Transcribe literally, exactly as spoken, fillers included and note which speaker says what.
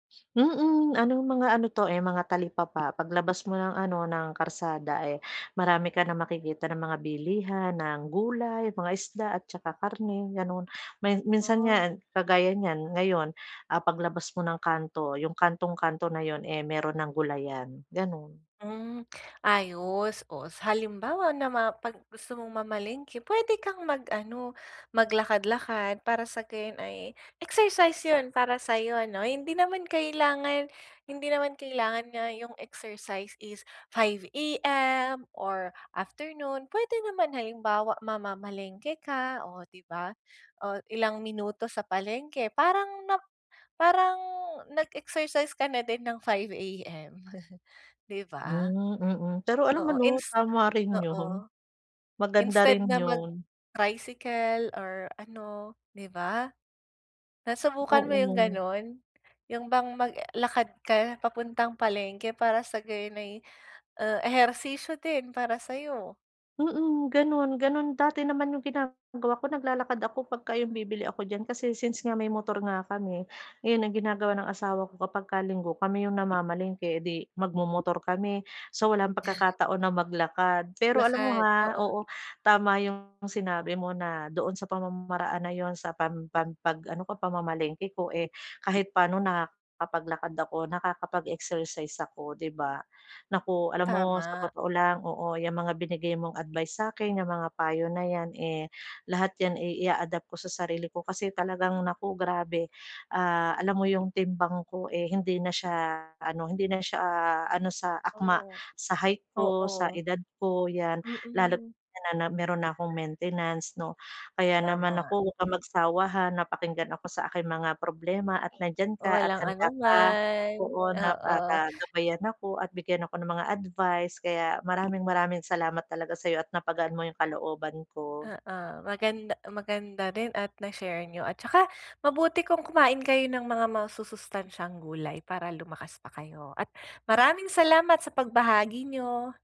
Speaker 1: Mm, anong mga ano 'to, eh, mga talipapa, pag labas mo ng ano, ng kalsada, eh, marami ka na makikita ng mga bilihan ng gulay, mga isda at saka karne gano'n. May minsan
Speaker 2: Oo.
Speaker 1: nga kagaya niyan ngayon, ah, paglabas mo ng kanto, yung kantong-kanto na yun, eh, meron ng gulayan, gano'n.
Speaker 2: Hmm, ayos. Oh, sa halimbawa nama pag gusto mong mamalengke, p'wede kang mag-ano, maglakad-lakad, para sa gayon ay exercise yun para sayo, 'no? Hindi naman kailangan, hindi naman kailangan nga yung exercise is five AM or afternoon. P'wede naman halimbawa mamamalengke ka, oh, 'di ba? Oh, ilang minuto sa palengke, parang nap parang nag-exercise ka na din ng five AM, 'di ba?
Speaker 1: Hmm, mm, pero alam mo
Speaker 2: Oo,
Speaker 1: 'no,
Speaker 2: ins
Speaker 1: tama rin yun.
Speaker 2: oo,
Speaker 1: Maganda
Speaker 2: instead
Speaker 1: rin
Speaker 2: na
Speaker 1: yun.
Speaker 2: mag-tricycle or ano 'di ba? Nasubukan mo yung
Speaker 1: Oo.
Speaker 2: ganun? yung bang maglakad ka papuntang palengke para sa gayon ay, ah, ehersisyo din para sayo.
Speaker 1: Mm, gano'n, gano'n dati naman yung ginagawa ko. Naglalakad ako pag ka yung bibili ako diyan kasi since nga may motor nga kami, yun ang ginagawa ng asawa ko kapag ka linggo kami yung namamalengke, eh, 'di magmomotor kami, so, walang pagkakataon na maglakad. Pero alam mo,
Speaker 2: Lakad,
Speaker 1: ha,
Speaker 2: oo.
Speaker 1: oo, tama yung sinabi mo na doon sa pamamaraan na yun, sa pam pam pag ano ko pamamalengke ko, eh, kahit paano nakakapaglakad ako, nakakapag-exercise ako, 'di ba? Naku, alam mo sa
Speaker 2: Tama.
Speaker 1: totoo lang oo 'yang mga binigay mong advice sa'kin, yang mga payo na yan, eh, lahat yan, eh, i-a-adapt ko sa sarili ko kasi talagang naku grabe, ah, alam mo yung timbang k,o eh, hindi na siya ano, hindi na siya ano, sa akma
Speaker 2: Oo,
Speaker 1: sa height ko, sa
Speaker 2: oo.
Speaker 1: edad ko yan, lalo't
Speaker 2: Mm.
Speaker 1: nananab meron na kong maintenance 'no. Kaya naman
Speaker 2: Tama.
Speaker 1: naku, huwag kang magsawa, ha, na pakinggan ako sa aking mga problema at nandiyan
Speaker 2: Oh,
Speaker 1: ka, at
Speaker 2: walang ano
Speaker 1: handa ka
Speaker 2: man.
Speaker 1: oo, na
Speaker 2: Oo.
Speaker 1: para gabayan ako at bigyan ako ng mga advice, kaya maraming-maraming salamat talaga sa'yo at napagaan mo yung kalooban ko.
Speaker 2: Oo, maganda maganda din at na-share niyo. at tsaka mabuti kung kumain kayo ng mga masusustansyang gulay para lumakas pa kayo. At maraming salamat sa pagbahagi niyo.